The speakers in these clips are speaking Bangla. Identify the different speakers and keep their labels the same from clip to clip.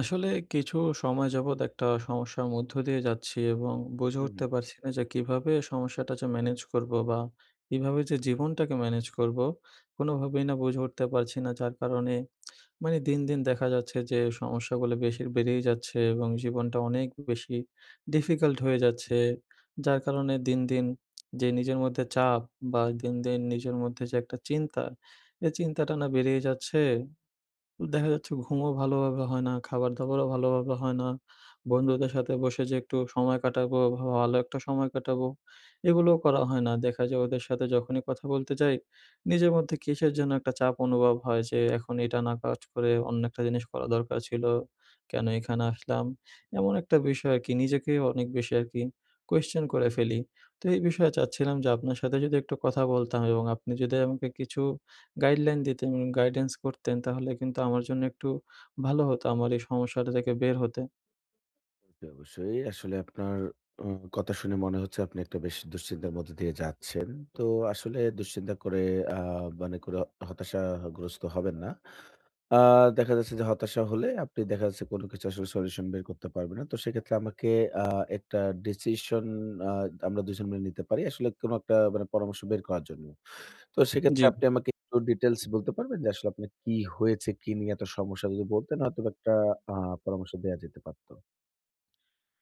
Speaker 1: আসলে কিছু সময় যাবৎ একটা সমস্যার মধ্য দিয়ে যাচ্ছি। এবং বুঝে
Speaker 2: হু,
Speaker 1: উঠতে
Speaker 2: হুম।
Speaker 1: পারছি না যে, কীভাবে সমস্যাটা যে ম্যানেজ করবো? বা কীভাবে যে জীবনটাকে ম্যানেজ করবো? কোনোভাবেই না বুঝে উঠতে পারছি না। যার কারণে মানে দিন, দিন দেখা যাচ্ছে যে, সমস্যাগুলো বেশির বেড়েই যাচ্ছে এবং জীবনটা অনেক বেশি ডিফিকাল্ট হয়ে যাচ্ছে। যার কারণে দিন, দিন যে নিজের মধ্যে চাপ বা দিন, দিন নিজের মধ্যে যে একটা চিন্তা, এই চিন্তাটা না বেড়েই যাচ্ছে। দেখা যাচ্ছে, ঘুমও ভালোভাবে হয় না, খাবার-দাবারও ভালোভাবে হয় না, বন্ধুদের সাথে বসে যে একটু সময় কাটাবো বা ভা ভালো একটা সময় কাটাবো, এগুলোও করা হয় না। দেখা যায় ওদের সাথে যখনই কথা বলতে যাই, নিজের মধ্যে কীসের যেনো একটা চাপ অনুভব হয়? যে, এখন এটা না কাজ করে অন্য একটা জিনিস করা দরকার ছিল, কেনো এখানে আসলাম? এমন একটা বিষয় আরকি নিজেকে অনেক বেশি আরকি কোয়েশ্চন করে ফেলি। তো এই বিষয়ে চাচ্ছিলাম যে, আপনার সাথে যদি একটু কথা বলতাম এবং আপনি যদি আমাকে কিছু গাইডলাইন দিতেন উন গাইডেন্স করতেন, তাহলে কিন্তু আমার জন্য একটু ভালো হতো, আমার এই সমস্যাটা থেকে বের হতে।
Speaker 2: জি অবশ্যই। আসলে আপনার উ কথা শুনে মনে হচ্ছে আপনি একটা বেশ দুশ্চিন্তার মধ্যে দিয়ে যাচ্ছেন। তো আসলে দুশ্চিন্তা করে আ মানে করে হতাশাগ্রস্ত হবেন না। আ দেখা যাচ্ছে যে হতাশা হলে আপনি দেখা যাচ্ছে কোনো কিছু আসলে সলিউশন বের করতে পারবে না। তো সেক্ষেত্রে আমাকে আ একটা ডিসিশন আ আমরা দুইজন মিলে নিতে পারি। আসলে কোনো একটা মানে পরামর্শ বের করার জন্য। তো
Speaker 1: জি।
Speaker 2: সেক্ষেত্রে আপনি আমাকে একটু ডিটেইলস বলতে পারবেন যে আসলে আপনার কী হয়েছে, কী নিয়ে এত সমস্যা? যদি বলতেন হয়তোবা একটা আ পরামর্শ দেয়া যেতে পারতো।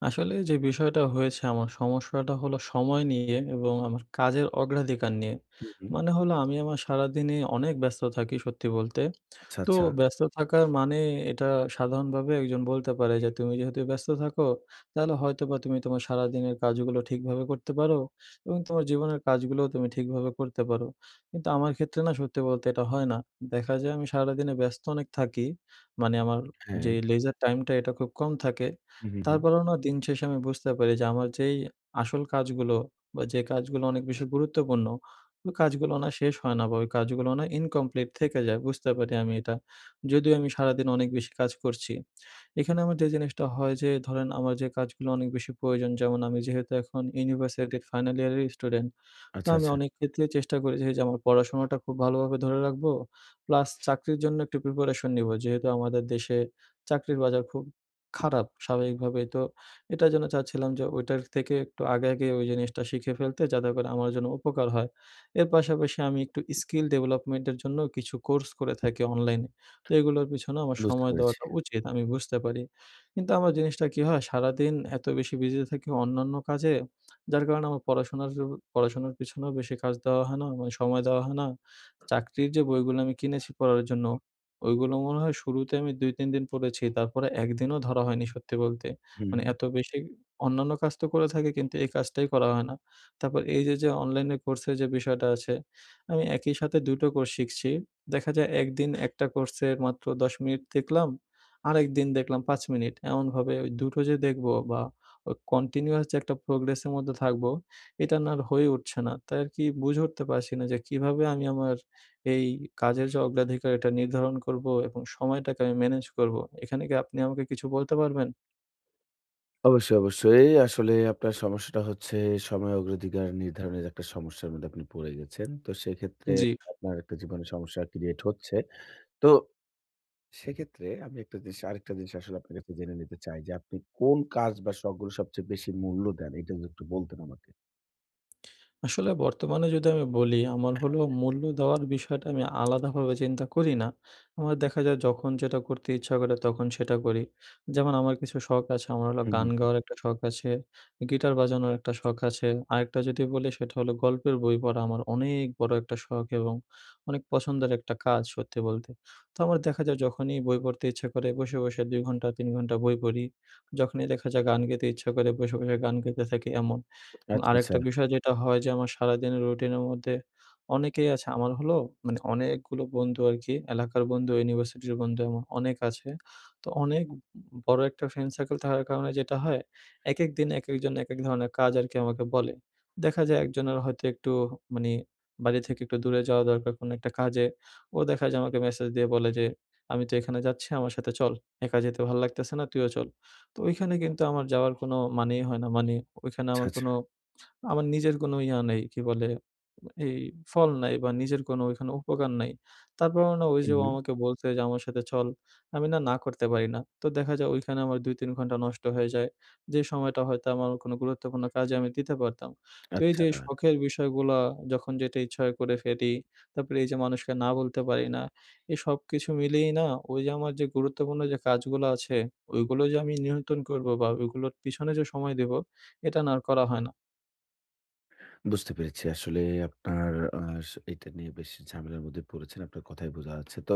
Speaker 1: আসলে যে বিষয়টা হয়েছে আমার সমস্যাটা হল সময় নিয়ে এবং আমার কাজের অগ্রাধিকার নিয়ে।
Speaker 2: হুম, হুম।
Speaker 1: মানে হলো আমি আমার সারাদিনই অনেক ব্যস্ত থাকি সত্যি বলতে,
Speaker 2: আচ্ছা,
Speaker 1: তো
Speaker 2: আচ্ছা।
Speaker 1: ব্যস্ত থাকার মানে এটা সাধারণভাবে একজন বলতে পারে যে তুমি যেহেতু ব্যস্ত থাকো, তাহলে হয়তোবা তুমি তোমার সারাদিনের কাজগুলো ঠিকভাবে করতে পারো এবং তোমার জীবনের কাজগুলোও তুমি ঠিকভাবে করতে পারো। কিন্তু আমার ক্ষেত্রে না সত্যি বলতে এটা হয় না, দেখা যায় আমি সারাদিনে ব্যস্ত অনেক থাকি, মানে আমার যে
Speaker 2: হ্যাঁ।
Speaker 1: লেজার টাইমটা এটা খুব কম থাকে।
Speaker 2: হুম, হুম, হুম।
Speaker 1: তারপরেও না দিন শেষে আমি বুঝতে পারি যে আমার যেই আসল কাজগুলো বা যে কাজগুলো অনেক বেশি গুরুত্বপূর্ণ, ওই কাজগুলো না শেষ হয় না বা ওই কাজগুলো না ইনকমপ্লিট থেকে যায় বুঝতে পারি আমি এটা, যদিও আমি সারাদিন অনেক বেশি কাজ করছি, এখানে আমার যে জিনিসটা হয় যে ধরেন আমার যে কাজগুলো অনেক বেশি প্রয়োজন যেমন আমি যেহেতু এখন ইউনিভার্সিটির ফাইনাল ইয়ারের স্টুডেন্ট, তো
Speaker 2: আচ্ছা,
Speaker 1: আমি
Speaker 2: আচ্ছা।
Speaker 1: অনেক ক্ষেত্রেই চেষ্টা করেছি যে এইযে আমার পড়াশোনাটা খুব ভালোভাবে ধরে রাখবো, প্লাস চাকরির জন্য একটু প্রিপারেশন নেবো যেহেতু আমাদের দেশে চাকরির বাজার খুব খারাপ, স্বাভাবিকভাবেই তো এটার জন্য চাচ্ছিলাম যে ওইটার থেকে একটু আগে, আগে ওই জিনিসটা শিখে ফেলতে যাতে করে আমার জন্য উপকার হয়। এর পাশাপাশি আমি একটু স্কিল ডেভেলপমেন্টের জন্য কিছু কোর্স করে থাকি অনলাইনে, তো এগুলোর পেছনে আমার
Speaker 2: বুঝতে
Speaker 1: সময়
Speaker 2: পেরেছি।
Speaker 1: দেওয়াটা উচিত আমি বুঝতে পারি। কিন্তু আমার জিনিসটা কি হয় সারাদিন এতো বেশি বিজি থাকি অন্যান্য কাজে, যার কারণে আমার পড়াশোনার যে, পড়াশোনার পেছনেও বেশি কাজ দেওয়া হয় না মানে সময় দেওয়া হয় না, চাকরির যে বইগুলো আমি কিনেছি পড়ার জন্য, ওইগুলো মনে হয় শুরুতে আমি ২-৩ দিন পড়েছি তারপরে ১ দিনও ধরা হয়নি সত্যি বলতে,
Speaker 2: হুম,
Speaker 1: মানে
Speaker 2: হুম।
Speaker 1: এত বেশি অন্যান্য কাজ তো করে থাকি কিন্তু এই কাজটাই করা হয় না, তারপর এইযে যে অনলাইনে কোর্সের যে বিষয়টা আছে, আমি একই সাথে ২ টো কোর্স শিখছি। দেখা যায় ১ দিন একটা কোর্সে মাত্র ১০ মিনিট দেখলাম, আরেকদিন দেখলাম ৫ মিনিট। এমনভাবে ওই ২ টো যে দেখবো বা অ কন্টিনিউয়াস যে একটা প্রোগ্রেসের মধ্যে থাকবো, এটা না আর হয়ে উঠছে না। তাই আরকি বুঝে উঠতে পারছি না যে কিভাবে আমি আমার এই কাজের যে অগ্রাধিকারটা নির্ধারণ করবো এবং সময়টাকে আমি ম্যানেজ করবো? এখানে কি আপনি আমাকে কিছু বলতে পারবেন?
Speaker 2: অবশ্যই, অবশ্যই। আসলে আপনার সমস্যাটা হচ্ছে সময় অগ্রাধিকার নির্ধারণের একটা সমস্যার মধ্যে আপনি পড়ে গেছেন। তো সেক্ষেত্রে
Speaker 1: জি।
Speaker 2: আপনার একটা জীবনে সমস্যা ক্রিয়েট হচ্ছে। তো সেক্ষেত্রে আমি একটা জিনিস আরেকটা জিনিস আসলে আপনার কাছে জেনে নিতে চাই যে আপনি কোন কাজ বা শখগুলো সবচেয়ে বেশি মূল্য দেন? এটা যদি একটু বলতেন আমাকে।
Speaker 1: আসলে বর্তমানে যদি আমি বলি আমার হল মূল্য দেওয়ার বিষয়টা আমি আলাদাভাবে চিন্তা করি না। আমার দেখা যায় যখন যেটা করতে ইচ্ছা করে তখন সেটা করি। যেমন আমার কিছু শখ আছে আমার হলো
Speaker 2: হুম, হুম,
Speaker 1: গান
Speaker 2: হুম।
Speaker 1: গাওয়ার একটা শখ আছে, গিটার বাজানোর একটা শখ আছে, আরেকটা যদি বলি সেটা হল গল্পের বই পড়া। আমার অনেক বড়ো একটা শখ এবং অনেক পছন্দের একটা কাজ সত্যি বলতে। তো আমার দেখা যায় যখনই বই পড়তে ইচ্ছা করে বসে, বসে ২ ঘন্টা ৩ ঘণ্টা বই পড়ি যখনই দেখা যায় গান গেতে ইচ্ছা করে বসে, বসে গান গেতে থাকি এমন এবং
Speaker 2: আচ্ছা, আচ্ছা।
Speaker 1: আরেকটা বিষয় যেটা হয় যে আমার সারাদিনের রুটিনের মধ্যে অনেকেই আছে। আমার হলো মানে অনেকগুলো বন্ধু আরকি এলাকার বন্ধু, ইউনিভার্সিটির বন্ধু আমার অনেক আছে। তো অনেক ব বড়ো একটা ফ্রেন্ড সার্কেল থাকার কারণে যেটা হয়, একেক দিন একেকজন একেক ধরনের কাজ আর কি আমাকে বলে। দেখা যায় একজনের হয়তো একটু মানে বাড়ি থেকে একটু দূরে যাওয়া দরকার কোন একটা কাজে ও দেখা যায় আমাকে মেসেজ দিয়ে বলে যে ''আমি তো এখানে যাচ্ছি আমার সাথে চল। একা যেতে ভাল লাগতেছে না তুইও চল।'' তো ওইখানে কিন্তু আমার যাওয়ার কোনো মানেই হয় না মানে ওইখানে
Speaker 2: আচ্ছা,
Speaker 1: আমার
Speaker 2: আচ্ছা।
Speaker 1: কোনো আমার নিজের কোনো ইয়ে নেই কী বলে এই ফল নাই বা নিজের কোনো ওইখানে উপকার নাই। তারপরও না ওই যে
Speaker 2: হুম,
Speaker 1: ও
Speaker 2: হুম।
Speaker 1: আমাকে বলছে যে আমার সাথে চল আমি না, না করতে পারি না তো দেখা যায় ওইখানে আমার ২-৩ ঘণ্টা নষ্ট হয়ে যায়। যে সময়টা হয়তো আমার কোনো গুরুত্বপূর্ণ কাজে আমি দিতে পারতাম। তো এই যে
Speaker 2: আচ্ছা।
Speaker 1: শখের বিষয়গুলো যখন যেটা ইচ্ছা হয় করে ফেলি। তারপরে এই যে মানুষকে না বলতে পারি না এই সবকিছু মিলিয়েই না ওই যে আমার যে গুরুত্বপূর্ণ যে কাজগুলো আছে ওইগুলো যে আমি নিয়ন্ত্রণ করবো বা ওইগুলোর পিছনে যে সময় দেবো এটা না আর করা হয় না।
Speaker 2: বুঝতে পেরেছি। আসলে আপনার আ স এটা নিয়ে বেশ ঝামেলার মধ্যে পড়েছেন। আপনার কথায় বোঝা যাচ্ছে। তো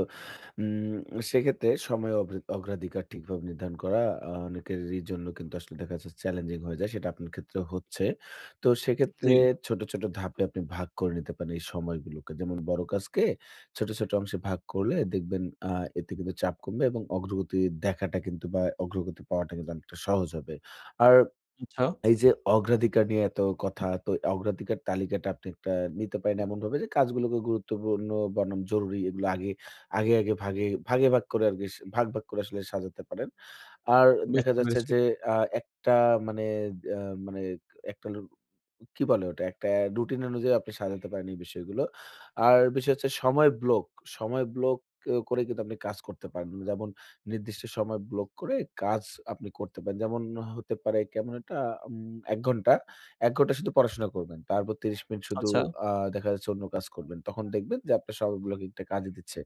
Speaker 2: উম সেক্ষেত্রে সময় অগ্রা অগ্রাধিকার ঠিকভাবে নির্ধারণ করা, অনেকেরই জন্য কিন্তু আসলে দেখা যাচ্ছে, চ্যালেঞ্জিং হয়ে যায়। সেটা আপনার ক্ষেত্রে হচ্ছে। তো সেক্ষেত্রে,
Speaker 1: জ্বী।
Speaker 2: ছোট, ছোট ধাপে আপনি ভাগ করে নিতে পারেন, এই সময়গুলোকে। যেমন বড় কাজকে ছোট, ছোট, অংশে ভাগ করলে, দেখবেন আ এতে কিন্তু চাপ কমবে এবং অগ্রগতি দেখাটা কিন্তু বা অগ্রগতি পাওয়াটা কিন্তু অনেকটা সহজ হবে। আর
Speaker 1: আচ্ছা।
Speaker 2: এই যে, অগ্রাধিকার নিয়ে এত কথা, তো অগ্রাধিকার তালিকাটা আপনি একটা নিতে পারেন এমনভাবে যে, কাজগুলোকে গুরুত্বপূর্ণ বনাম জরুরি। এগুলো আগে, আগে আগে ভাগে, ভাগে ভাগ করে বিস্ ভাগ, ভাগ, করে আসলে সাজাতে পারেন। আর দেখা
Speaker 1: বুঝতে
Speaker 2: যাচ্ছে
Speaker 1: পেরেছি।
Speaker 2: যে আ একটা মানে আ মানে একটা রু কি বলে ওটা, রুটিন অনুযায়ী আপনি সাজাতে পারেন, এই বিষয়গুলো। আর বিষয় হচ্ছে, সময় ব্লক, সময় ব্লক করে কিন্তু আপনি কাজ করতে পারেন। যেমন নির্দিষ্ট সময় ব্লক করে কাজ আপনি করতে পারেন। যেমন, হতে পারে কেমন এটা, উম ১ ঘণ্টা, ১ ঘন্টা শুধু পড়াশোনা করবেন। তারপর ৩০ মিনিট শুধু
Speaker 1: আচ্ছা।
Speaker 2: আ দেখা যাচ্ছে, অন্য কাজ করবেন। তখন দেখবেন যে, আপনার সময় ব্লকিংটা কাজে দিচ্ছে।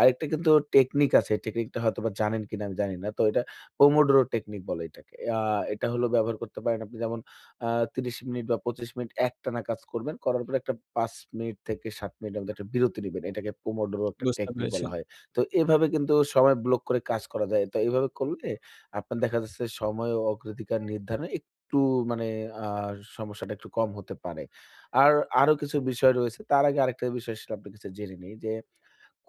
Speaker 2: আরেকটা কিন্তু টেকনিক আছে। টেকনিকটা হয়তোবা জানেন কিনা আমি জানি না। তো এটা পোমোডরো টেকনিক বলে এটাকে। আ এটা হল ব্যবহার করতে পারেন আপনি, যেমন আ ৩০ মিনিট বা ২৫ মিনিট একটানা কাজ করবেন। করার পরে একটা ৫ মিনিট থেকে ৭ মিনিটের মধ্যে একটা বিরতি নিবেন। এটাকে পোমোডরো একটা
Speaker 1: বুঝতে
Speaker 2: টেকনিক
Speaker 1: পেরেছি।
Speaker 2: বলা হয়। তো, এভাবে কিন্তু সময় ব্লক করে কাজ করা যায়। তো এভাবে করলে, আপনার দেখা যাচ্ছে, সময় ও অগ্রাধিকার নির্ধারণে একটু মানে আ সমস্যাটা একটু কম হতে পারে। আর আরো কিছু বিষয় রয়েছে। তার আগে আরেকটা বিষয় সম্পর্কে আপনার কাছে জেনে নেই যে,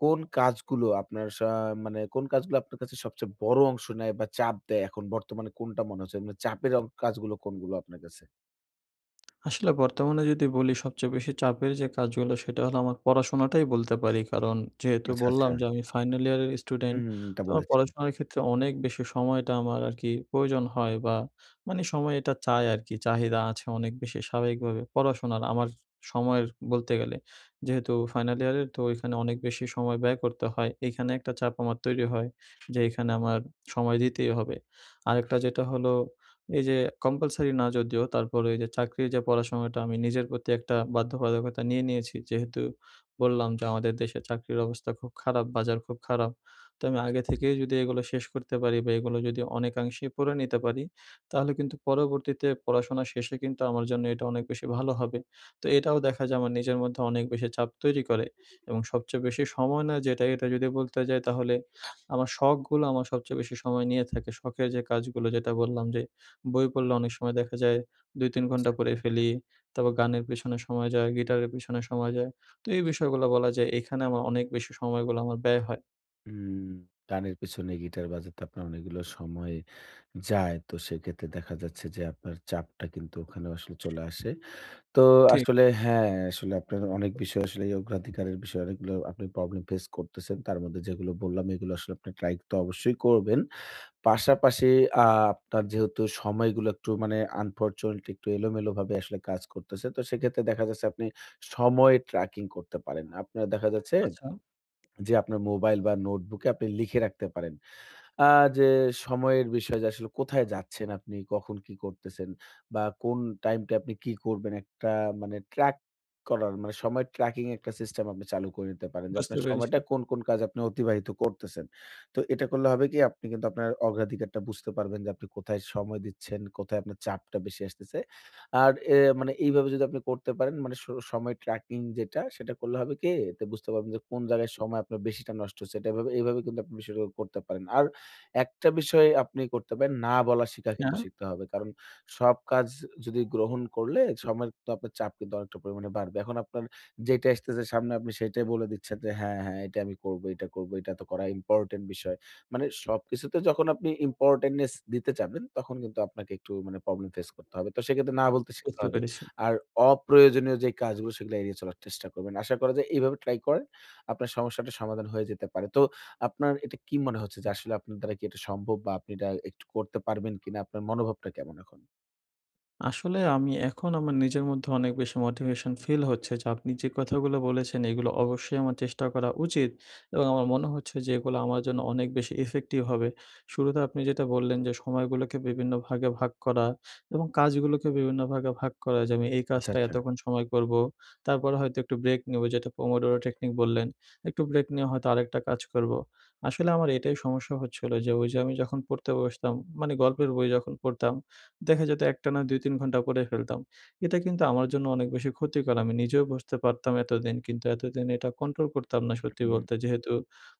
Speaker 2: কোন কাজগুলো, আপনার সা মানে কোন কাজগুলো আপনার কাছে সবচেয়ে বড় অংশ নেয় বা চাপ দেয়, এখন বর্তমানে কোনটা মনে হচ্ছে? মানে চাপের কাজগুলো কোনগুলো, আপনার কাছে?
Speaker 1: আসলে বর্তমানে যদি বলি সবচেয়ে বেশি চাপের যে, কাজগুলো সেটা হলো আমার পড়াশোনাটাই বলতে পারি কারণ যেহেতু
Speaker 2: আচ্ছা, আচ্ছা।
Speaker 1: বললাম যে আমি ফাইনাল ইয়ারের স্টুডেন্ট।
Speaker 2: হুম, এটা
Speaker 1: তো
Speaker 2: বলেছিলে।
Speaker 1: পড়াশোনার ক্ষেত্রে অনেক বেশি সময়টা আমার আর কি প্রয়োজন হয়, বা মানে সময় এটা চায় আর কি চাহিদা আছে অনেক বেশি স্বাভাবিকভাবে পড়াশোনার আমার সময়ের বলতে গেলে যেহেতু ফাইনাল ইয়ারে তো ওইখানে অনেক বেশি সময় ব্যয় করতে হয়। এখানে একটা চাপ আমার তৈরি হয় যেখানে আমার সময় দিতেই হবে আরেকটা যেটা হল এই যে, যে কম্পালসারি না যদিও তারপর ওই যে চাকরির যে পড়াশোনাটা আমি নিজের প্রতি একটা বাধ্যবাধকতা নিয়ে নিয়েছি। যেহেতু বললাম যে, আমাদের দেশে চাকরির অবস্থা খুব খারাপ বাজার খুব খারাপ তো আমি আগে থেকেই যদি এগুলো শেষ করতে পারি বা এগুলো যদি অনেকাংশেই পড়ে নিতে পারি। তাহলে কিন্তু পরবর্তীতে পড়াশোনা শেষে কিন্তু আমার জন্য এটা অনেক বেশি ভালো হবে তো এটাও দেখা যায় আমার নিজের মধ্যে অনেক বেশি চাপ তৈরি করে এবং সবচেয়ে বেশি সময় নেয় যেটাই এটা যদি বলতে যায়। তাহলে আমার শখগুলো আমার সবচেয়ে বেশি সময় নিয়ে থাকে, শখের যে কাজগুলো যেটা বললাম যে বই পড়লে অনেক সময় দেখা যায় ২-৩ ঘণ্টা
Speaker 2: আচ্ছা।
Speaker 1: পড়ে ফেলি। তারপর গানের পেছনে সময় যায়। গিটারের পেছনে সময় যায়। তো এই বিষয়গুলো বলা যায় এখানে আমার অনেক বেশি সময়গুলো আমার ব্যয় হয়।
Speaker 2: হুম, গানের পেছনে গিটার বাজাতে আপনার অনেকগুলো সময় যায়। তো সেক্ষেত্রে দেখা যাচ্ছে যে, আপনার চাপটা কিন্তু ওখানে আসলে চলে আসে। তো
Speaker 1: ঠিক।
Speaker 2: আসলে হ্যাঁ, আসলে আপনার অনেক বিষয় আসলে এই অগ্রাধিকারের বিষয়ে অনেকগুলো আপনি প্রবলেম ফেস করতেছেন। তার মধ্যে যেগুলো বললাম এগুলো আসলে আপনি ট্রাই তো অবশ্যই করবেন। পাশাপাশি আ আপনার যেহেতু সময়গুলো একটু মানে আনফরচুনেটলি একটু এলোমেলো ভাবে আসলে কাজ করতেছে। তো সেক্ষেত্রে দেখা যাচ্ছে আপনি সময় ট্র্যাকিং করতে পারেন। আপনার দেখা যাচ্ছে
Speaker 1: আচ্ছা।
Speaker 2: যে আপনার মোবাইল বা নোটবুকে আপনি লিখে রাখতে পারেন। আ যে সময়ের বিষয় যে আসলে কোথায় যাচ্ছেন আপনি কখন কী করতেছেন বা কোন টাইমটা আপনি কি করবেন একটা মানে ট্রাক করার মানে সময় ট্র্যাকিং একটা সিস্টেম আপনি চালু করে নিতে পারেন। যে
Speaker 1: বুঝতে,
Speaker 2: আপনার
Speaker 1: পেরেছি।
Speaker 2: সময়টা কোন, কোন কাজে আপনি অতিবাহিত করতেছেন। তো এটা করলে হবে কি? আপনি কিন্তু আপনার অগ্রাধিকারটা বুঝতে পারবেন যে আপনি কোথায় সময় দিচ্ছেন, কোথায় আপনার চাপটা বেশি আসতেছে। আর এ মানে এইভাবে যদি আপনি করতে পারেন মানে স সময় ট্র্যাকিং যেটা সেটা করলে হবে কি? বুঝতে পারবেন যে কোন জায়গায় সময় আপনার বেশিটা নষ্ট হচ্ছে। এইভাবে কিন্তু আপনি বিষয়টা করতে পারেন। আর একটা বিষয় আপনি করতে পারেন না বলার শিখা কিন্তু
Speaker 1: না।
Speaker 2: শিখতে হবে। কারণ সব কাজ যদি গ্রহণ করলে সময়ের তো আপনার চাপ কিন্তু অনেকটা পরিমাণে বাড়বে। এখন আপনার যেটা আসতেছে সামনে আপনি সেটাই বলে দিচ্ছেন যে হ্যাঁ, হ্যাঁ এটাই আমি করব। এটা করবো, এটা তো করা ইম্পোর্টেন্ট বিষয়। মানে সবকিছুতে যখন আপনি ইম্পোর্টেন্টনেস দিতে যাবেন তখন কিন্তু আপনাকে একটু মানে প্রবলেম ফেস করতে হবে। তো সেক্ষেত্রে না বলতে শিখতে
Speaker 1: বুঝতে,
Speaker 2: হবে।
Speaker 1: পেরেছি।
Speaker 2: আর অপ্রয়োজনীয় যে কাজগুলো সেগুলো এড়িয়ে চলার চেষ্টা করবেন। আশা করা যায় এইভাবে ট্রাই করেন। আপনার সমস্যাটার সমাধান হয়ে যেতে পারে। তো আপনার এটা কি মনে হচ্ছে যে আসলে আপনার দ্বারা কি এটা সম্ভব বা আপনি এটা একটু করতে পারবেন কিনা? আপনার মনোভাবটা কেমন এখন?
Speaker 1: আসলে আমি এখন আমার নিজের মধ্যে অনেক বেশি মোটিভেশন ফিল হচ্ছে যে আপনি যে কথাগুলো বলেছেন এগুলো অবশ্যই আমার চেষ্টা করা উচিত। এবং আমার মনে হচ্ছে যে এগুলা আমার জন্য অনেক বেশি ইফেক্টিভ হবে। শুরুতে আপনি যেটা বললেন যে সময়গুলোকে বিভিন্ন ভাগে ভাগ করা এবং কাজগুলোকে বিভিন্ন ভাগে ভাগ করা যে আমি এই
Speaker 2: আচ্ছা,
Speaker 1: কাজটা
Speaker 2: আচ্ছা।
Speaker 1: এতক্ষণ সময় করবো, তারপরে হয়তো একটু ব্রেক নেব যেটা পোমোডোরো টেকনিক বললেন। একটু ব্রেক নিয়ে হয়তো আরেকটা কাজ করবো। আসলে আমার এটাই সমস্যা হচ্ছিলো যে ওই যে আমি যখন পড়তে বসতাম, মানে গল্পের বই যখন পড়তাম দেখা যেত একটা না ২-৩ ঘণ্টা পড়ে ফেলতাম। এটা কিন্তু আমার জন্য অনেক বেশি ক্ষতিকর আমি নিজেও বুঝতে পারতাম এতদিন কিন্তু এতদিন এটা কন্ট্রোল করতাম না সত্যি
Speaker 2: [unintelligible]
Speaker 1: বলতে যেহেতু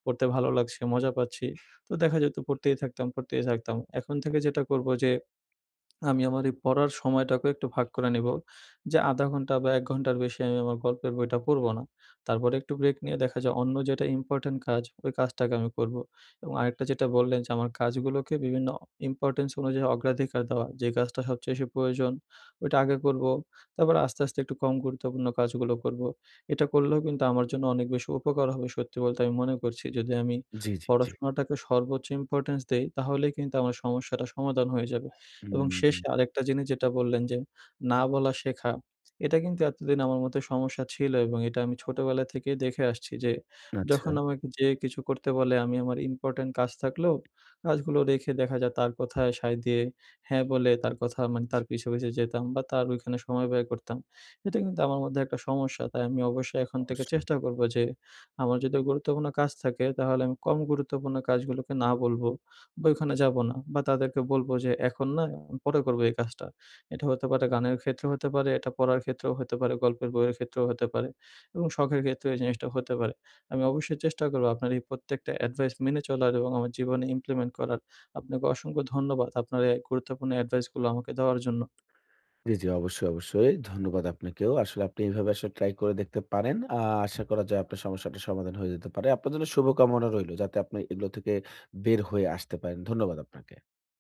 Speaker 1: পড়তে ভালো লাগছে মজা পাচ্ছি। তো দেখা যেত পড়তেই থাকতাম, পড়তেই থাকতাম। এখন থেকে যেটা করবো যে আমি আমার এই পড়ার সময়টাকেও একটু ভাগ করে নেবো, যে ০.৫ ঘন্টা বা ১ ঘন্টার বেশি আমি আমার গল্পের বইটা পড়বো না। তারপরে একটু ব্রেক নিয়ে দেখা যাক অন্য যেটা ইম্পোর্টেন্ট কাজ ওই কাজটাকে আমি করবো এবং আরেকটা যেটা বললেন যে আমার কাজগুলোকে বিভিন্ন ইম্পোর্টেন্স অনুযায়ী অগ্রাধিকার দেওয়া যে কাজটা সবচেয়ে বেশি প্রয়োজন ওইটা আগে করবো, তারপর আস্তে, আস্তে একটু কম গুরুত্বপূর্ণ কাজগুলো করব এটা করলেও কিন্তু আমার জন্য অনেক বেশি উপকার হবে সত্যি বলতে আমি মনে করছি যদি আমি
Speaker 2: জি, জি, জি।
Speaker 1: পড়াশোনাটাকে সর্বোচ্চ ইম্পোর্টেন্স দেই, তাহলেই কিন্তু আমার সমস্যাটা সমাধান হয়ে যাবে এবং
Speaker 2: উম
Speaker 1: শেষে আরেকটা জিনিস যেটা বললেন যে না বলা শেখা। এটা কিন্তু এতদিন আমার মতো সমস্যা ছিল এবং এটা আমি ছোটোবেলা থেকেই দেখে আসছি যে
Speaker 2: আচ্ছা।
Speaker 1: যখন আমাকে যে কিছু করতে বলে আমি আমার ইম্পোর্টেন্ট কাজ থাকলেও কাজগুলো রেখে দেখা যাক তার কথায় সাই দিয়ে হ্যাঁ বলে তার কথা মানে তার পিছে, পিছে যেতাম বা তার ওইখানে সময় ব্যয় করতাম এটা কিন্তু আমার মধ্যে একটা সমস্যা তাই আমি অবশ্যই এখন থেকে
Speaker 2: অবশ্যই।
Speaker 1: চেষ্টা করবো যে আমার যদি গুরুত্বপূর্ণ কাজ থাকে তাহলে আমি কম গুরুত্বপূর্ণ কাজগুলোকে না বলবো। বা ওইখানে যাবো না বা তাদেরকে বলবো যে এখন না পরে করবো এই কাজটা। এটা হতে পারে গানের ক্ষেত্রেও হতে পারে এটা পড়ার ক্ষেত্রেও হতে পারে, গল্পের বইয়ের ক্ষেত্রেও হতে পারে এবং শখের ক্ষেত্রেও এই জিনিসটাও হতে পারে। আমি অবশ্যই চেষ্টা করবো আপনার এই প্রত্যেকটা অ্যাডভাইস মেনে চলার এবং আমার জীবনে implement করার আপনাকে অসংখ্য ধন্যবাদ আপনার এই গুরুত্বপূর্ণ অ্যাডভাইসগুলো আমাকে দেওয়ার জন্য।
Speaker 2: জি, জি, অবশ্যই, অবশ্যই। ধন্যবাদ আপনাকেও। আসলে আপনি এভাবে আসলে ট্রাই করে দেখতে পারেন। আ আশা করা যায় আপনার সমস্যাটার সমাধান হয়ে যেতে পারে। আপনার জন্য শুভকামনা রইলো যাতে আপনি এগুলা থেকে বের হয়ে আসতে পারেন। ধন্যবাদ আপনাকে।